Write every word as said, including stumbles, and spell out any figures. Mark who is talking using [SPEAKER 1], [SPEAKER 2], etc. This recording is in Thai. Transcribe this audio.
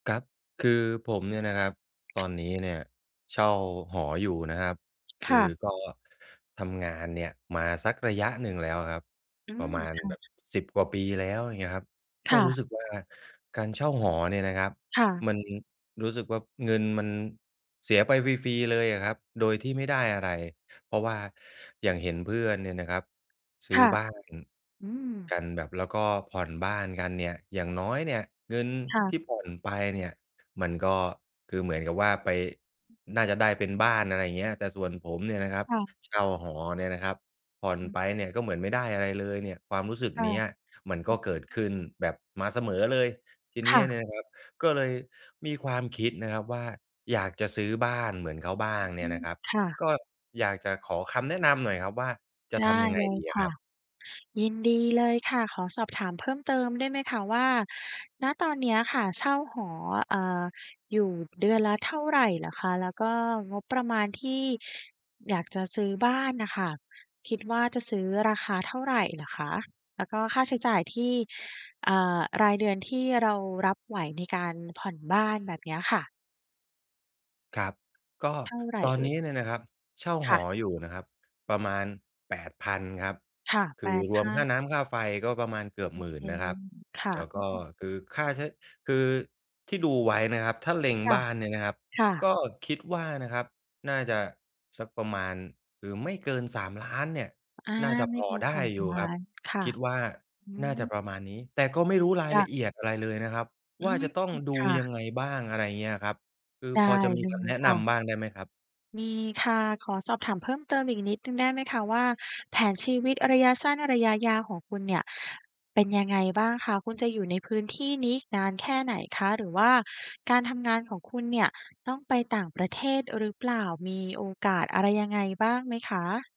[SPEAKER 1] กั๊บ คือ ผมเนี่ยนะครับ ตอนนี้เนี่ยเช่าหออยู่นะครับ ค
[SPEAKER 2] ค่
[SPEAKER 1] ือ
[SPEAKER 2] ะ
[SPEAKER 1] ก็ทำงานเนี่ยมาสักระยะหนึ่งแล้วอะครับ
[SPEAKER 2] อื
[SPEAKER 1] ป
[SPEAKER 2] ม
[SPEAKER 1] ระมาณ
[SPEAKER 2] ค่
[SPEAKER 1] แบ
[SPEAKER 2] ะ
[SPEAKER 1] บ สิบ กว่าปีแล้ว อย่างเงี้ยครับ
[SPEAKER 2] ค
[SPEAKER 1] ก็
[SPEAKER 2] ่
[SPEAKER 1] ร
[SPEAKER 2] ะ
[SPEAKER 1] ู้สึกว่าการเช่าหอเนี่ยนะครับ
[SPEAKER 2] ค่ะ
[SPEAKER 1] มันรู้สึกว่าเงินมันเสียไปฟรี ๆ เลยอะครับโดยที่ไม่ได้อะไร เพราะว่าอย่างเห็นเพื่อนเนี่ยนะครับซ
[SPEAKER 2] ค
[SPEAKER 1] ื้อ
[SPEAKER 2] ่ะ
[SPEAKER 1] บ้าน
[SPEAKER 2] อืม
[SPEAKER 1] กันแบบ แล้วก็ผ่อนบ้านกันเนี่ย อย่างน้อยเนี่ยเงิน
[SPEAKER 2] ค่ะ
[SPEAKER 1] ที่ผ่อนไปเนี่ย มันก็ คือเหมือนกับว่าไป
[SPEAKER 2] อืม
[SPEAKER 1] น่าจะได้เป็นบ้าน อะไรอย่างเงี้ย แต่ส่วนผมเนี่ยนะครับ
[SPEAKER 2] ค่ะ
[SPEAKER 1] เช่าหอเนี่ยนะครับ ผ่อน
[SPEAKER 2] อือ
[SPEAKER 1] ไปเนี่ยก็เหมือนไม่ได้อะไรเลยเนี่ย ความรู้สึก
[SPEAKER 2] ค่
[SPEAKER 1] เ
[SPEAKER 2] ะ
[SPEAKER 1] นี้ยมัน
[SPEAKER 2] อ อ
[SPEAKER 1] ก
[SPEAKER 2] ื
[SPEAKER 1] ็เกิดข
[SPEAKER 2] อ
[SPEAKER 1] ึ้นแบบมาเสมอเลย ทีเ
[SPEAKER 2] ค
[SPEAKER 1] นี้
[SPEAKER 2] ่
[SPEAKER 1] ยเ
[SPEAKER 2] ะ
[SPEAKER 1] นี่ยนะครับ ก็เลยมีความคิดนะครับว่าอยากจะซื้อบ้านเหมือนเขาบ้า
[SPEAKER 2] อื
[SPEAKER 1] ง
[SPEAKER 2] อฮ
[SPEAKER 1] เนี่
[SPEAKER 2] ึ
[SPEAKER 1] ยนะครับ
[SPEAKER 2] ค่ะ
[SPEAKER 1] ก็อยากจะขอคำแนะนำหน่อยครับว่าจะ
[SPEAKER 2] ได
[SPEAKER 1] ท
[SPEAKER 2] ้
[SPEAKER 1] ำยังไง
[SPEAKER 2] เลย
[SPEAKER 1] ดีอ
[SPEAKER 2] ค
[SPEAKER 1] ะค
[SPEAKER 2] ่
[SPEAKER 1] ร
[SPEAKER 2] ะ
[SPEAKER 1] ับ?
[SPEAKER 2] ยินดีเลยค่ะ ขอสอบถามเพิ่มเติมได้ไหมคะว่า ณ ตอนเนี้ยค่ะเช่าหอ อ่า อยู่เดือนละเท่าไรเหรอคะ? แล้วก็งบประมาณที่อยากจะซื้อบ้านน่ะค่ะ คิดว่าจะซื้อราคาเท่าไรเหรอคะ? แล้วก็ค่าใช้จ่ายที่ อ่า รายเดือนที่เรารับไหวในการผ่อนบ้าน แบบเนี้ยค่ะ
[SPEAKER 1] ครับ ก็
[SPEAKER 2] เท่าไร
[SPEAKER 1] ตอน
[SPEAKER 2] เอ
[SPEAKER 1] น
[SPEAKER 2] ่ย?
[SPEAKER 1] ี้เนี่ยนะครับเช่า
[SPEAKER 2] ค
[SPEAKER 1] ห
[SPEAKER 2] ่ะ
[SPEAKER 1] ออยู่นะครับ ประมาณ แปดพัน ครับ
[SPEAKER 2] ค่ะ
[SPEAKER 1] ค
[SPEAKER 2] แป
[SPEAKER 1] ือ
[SPEAKER 2] ด
[SPEAKER 1] ร
[SPEAKER 2] พ
[SPEAKER 1] วม
[SPEAKER 2] ั
[SPEAKER 1] ค่
[SPEAKER 2] น
[SPEAKER 1] าน้ำค่าไฟก็ประมาณเกือบ
[SPEAKER 2] โอ
[SPEAKER 1] หม
[SPEAKER 2] เ
[SPEAKER 1] ื
[SPEAKER 2] ค
[SPEAKER 1] ่น นะ
[SPEAKER 2] เ
[SPEAKER 1] ค
[SPEAKER 2] ล
[SPEAKER 1] รับ
[SPEAKER 2] ย ค่ะ
[SPEAKER 1] แล้ว
[SPEAKER 2] อื
[SPEAKER 1] ก
[SPEAKER 2] อ
[SPEAKER 1] ็
[SPEAKER 2] ฮึ
[SPEAKER 1] คือค่าใช้ คือที่ดูไว้นะครับ ถ้าเล็ง
[SPEAKER 2] ค่ะ
[SPEAKER 1] บ้านเนี่ยนะครับ
[SPEAKER 2] ค่ะ
[SPEAKER 1] ก็คิด ว่านะครับ น่าจะสักประมาณ คือไม่เกิน สามล้าน เนี่ย
[SPEAKER 2] อา
[SPEAKER 1] น่าจะ
[SPEAKER 2] ไม
[SPEAKER 1] พ
[SPEAKER 2] ่เ
[SPEAKER 1] อ
[SPEAKER 2] กิน
[SPEAKER 1] ได
[SPEAKER 2] ส
[SPEAKER 1] ้
[SPEAKER 2] าม
[SPEAKER 1] อยู
[SPEAKER 2] ล
[SPEAKER 1] ่
[SPEAKER 2] ้า
[SPEAKER 1] ครับ
[SPEAKER 2] น ค่ะ
[SPEAKER 1] คิดว่า
[SPEAKER 2] อื
[SPEAKER 1] น
[SPEAKER 2] อ
[SPEAKER 1] ่า
[SPEAKER 2] ฮ
[SPEAKER 1] จะ
[SPEAKER 2] ึ
[SPEAKER 1] ประมาณนี้ แต่ก็ไม่รู้ราย
[SPEAKER 2] ด
[SPEAKER 1] ละเอียดอะไรเลยนะครับ
[SPEAKER 2] อื
[SPEAKER 1] ว่า
[SPEAKER 2] ม
[SPEAKER 1] จะต้องด
[SPEAKER 2] ค
[SPEAKER 1] ู
[SPEAKER 2] ่
[SPEAKER 1] ย
[SPEAKER 2] ะ
[SPEAKER 1] ังไงบ้าง อะไรเงี้ยครับ คือ
[SPEAKER 2] ได้
[SPEAKER 1] พอจะมี
[SPEAKER 2] เล
[SPEAKER 1] คำแ
[SPEAKER 2] ย
[SPEAKER 1] นะ
[SPEAKER 2] ค
[SPEAKER 1] น
[SPEAKER 2] ่ะ
[SPEAKER 1] ำบ้างได้ไหมครับ?
[SPEAKER 2] มีค่ะ ขอสอบถามเพิ่มเติมอีกนิดหนึ่งได้ไหมคะว่า แผนชีวิตระยะสั้นระยะ ยาวของคุณเนี่ยเป็นยังไงบ้างคะ? คุณจะอยู่ในพื้นที่นี้อีกนานแค่ไหน คะ? หรือว่าการทำงานของคุณเนี่ยต้องไปต่างประเทศหรือเปล่า? มีโอกาสอะไรยังไงบ้างไหมคะ?